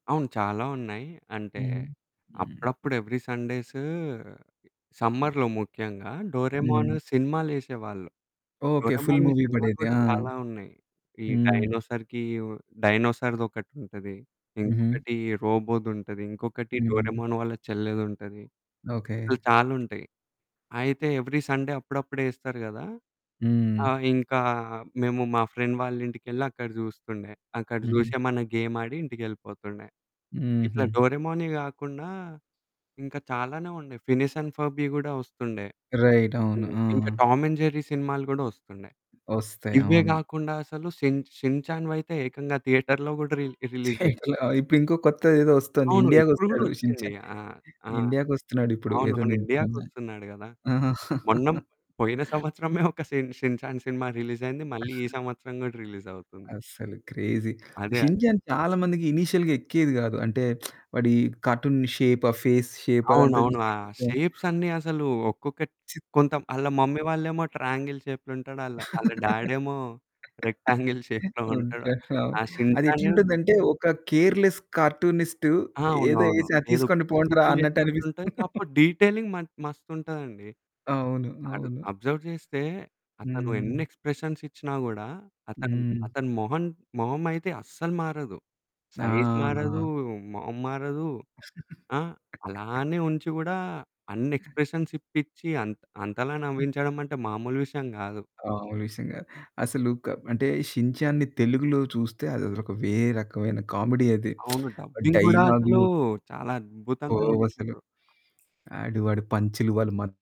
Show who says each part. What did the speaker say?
Speaker 1: అవును. చాలా ఉన్నాయి. అంటే
Speaker 2: హ్మ్. హ్మ్.
Speaker 1: అప్పుడప్పుడు ఎవ్రీ సండేసు సమ్మర్‌లో ముఖ్యంగా
Speaker 2: హ్మ్.
Speaker 1: 'డోరేమాను' సినిమాలేసేవాళ్ళు.
Speaker 2: ఓకె. ఫుల్
Speaker 1: 'డోరేమాన్‌వి'‌
Speaker 2: మూవీ
Speaker 1: సినిమాలు
Speaker 2: పడేది.
Speaker 1: కూడా
Speaker 2: ఆ!
Speaker 1: చాలా ఉన్నాయి. ఈ
Speaker 2: హ్మ్.
Speaker 1: డైనోసార్‌కి డైనోసార్‌ది ఒకటుంటది.
Speaker 2: హుహు.
Speaker 1: ఇంకొకటి రోబోది ఉంటది. ఇంకొకటి
Speaker 2: హ్మ్.
Speaker 1: డోరేమాన్ వాళ్ళ చెల్లేదుంటది. ఇట్లా
Speaker 2: ఓకె.
Speaker 1: చాలుంటాయి. అయితే ఎవ్రీ సండే అప్పుడప్పుడెస్తారు కదా!
Speaker 2: హ్మ్.
Speaker 1: ఆహ్, ఇంకా మేము మా ఫ్రెండ్ వాళ్ళ ఇంటికి వెళ్లి అక్కడ చూస్తుండే. అక్కడ
Speaker 2: హుహు.
Speaker 1: చూసి, ఏమన్న గేమాడి ఇంటికెళ్ళిపోతుండే. ఇట్లా
Speaker 2: హుహు.
Speaker 1: డోరేమానే కాకుండా ఇంకా చాలానే ఉన్నాయి 'ఫినిష్ అండ్ ఫర్బి' కూడా వస్తుండే.
Speaker 2: రైట్ అవును.
Speaker 1: హ్మ్.
Speaker 2: ఆ!
Speaker 1: ఇంకా 'టామ్ అండ్ జెర్రీ' సినిమాలు కూడా వస్తుండే.
Speaker 2: వస్తాయి.
Speaker 1: ఇవే
Speaker 2: అవును.
Speaker 1: కాకుండా అసలు షిన్ 'షిన్ చాన్‌' వైతే ఏకంగా థియేటర్‌లో కూడా రిలి రిలీజ్ జేసా
Speaker 2: ఇట్లా ఇప్ ఇంకో కొత్తదేదో వస్తుంది
Speaker 1: అవును. ఇప్పుడు
Speaker 2: ఇండియాకొస్తాడు 'షిన్
Speaker 1: గూడొచ్చింది.
Speaker 2: చాన్'
Speaker 1: ఆ! ఆ!
Speaker 2: ఇండియాకి వస్తున్నాడు ఇప్పుడు ఎదో
Speaker 1: అవునవును.
Speaker 2: ని మొన్నే
Speaker 1: ఇండియాకొస్తున్నాడు కదా!
Speaker 2: ఆహా!
Speaker 1: మొన్న పోయిన సంవత్సరమే ఒక షిన్ 'షిన్ చాన్' సినిమా రిలీజయింది. మళ్ళీ ఈ సంవత్సరం కూడా రిలీజవుతుంది.
Speaker 2: అస్సలు క్రేజీ
Speaker 1: అదే,
Speaker 2: 'షిన్
Speaker 1: అదే.
Speaker 2: షాన్' చాలా మందికి ఇనీషియల్‌గా ఎక్కేది కాదు. అంటే వాడి కార్టూన్ షేప్ ఆ ఫేస్ షేప్ అదంతా
Speaker 1: అవునవును. ఆ
Speaker 2: చూసి కొంచెం
Speaker 1: షేప్స్ అన్నీ అసలు ఒక్కొక్కటి
Speaker 2: చి
Speaker 1: కొంత ఆళ్ళ మమ్మీ వాళ్ళు ఏమో ట్రయాంగిల్ షేప్‌లో ఉంటాడు. ఆళ్ళ డ్యాడేమో రెక్టాంగిల్ షేప్‌లో ఉంటాడు.
Speaker 2: ఉంటాడు అవును.
Speaker 1: ఆ షిన్
Speaker 2: అది
Speaker 1: షాను
Speaker 2: ఎట్లుంటుందంటే ఒక కేర్‌లెస్ కార్టూనిస్టు
Speaker 1: ఆ!
Speaker 2: ఏదో
Speaker 1: అవునవును.
Speaker 2: ఎసి ఆ
Speaker 1: ఏదో
Speaker 2: తీసుకోండి
Speaker 1: పిచ్చి
Speaker 2: పొండ్రా
Speaker 1: గీతలు
Speaker 2: అన్నట్టనిపిస్తుంది.
Speaker 1: చేసినట్టుంటాయి కాకపోతే డీటెయిలింగ్ మ మస్తుంటదండి.
Speaker 2: అవును.
Speaker 1: అబ్
Speaker 2: అవును.
Speaker 1: అబ్జర్వ్ చేస్తే అతను
Speaker 2: హ్మ్.
Speaker 1: ఎన్ని ఎక్స్‌ప్రెషన్స్ ఇచ్చినా కూడా అతను
Speaker 2: హ్మ్.
Speaker 1: అతని మొహం, మొహం అయితే అస్సలు మారదు.
Speaker 2: ఆ!
Speaker 1: సైజ్ మారదు
Speaker 2: ఆ!
Speaker 1: మొహం మారదు, ఆహ్, అలానే ఉంచి కూడా అన్ని ఎక్స్‌ప్రెషన్స్ ఇప్పించి అంత్ అంతలా
Speaker 2: హ్మ్.
Speaker 1: నవ్వించడం అంటే మామూలు విషయం గాదు.
Speaker 2: మాములు విషయం కాదు. అసలు క అంటే 'షిన్ షాన్‌‌ని' తెలుగులో చూస్తే అది ఒక వేరే రకమైన కామెడీ అది
Speaker 1: అవును. డబ్బింగ్ గూడా అసలు
Speaker 2: డైలాగులు
Speaker 1: చాలా అద్భుతంగా
Speaker 2: పోవసలు.
Speaker 1: చేసిండ్రు.
Speaker 2: ఆడు ఆడి పంచులు వాళ్ళ మ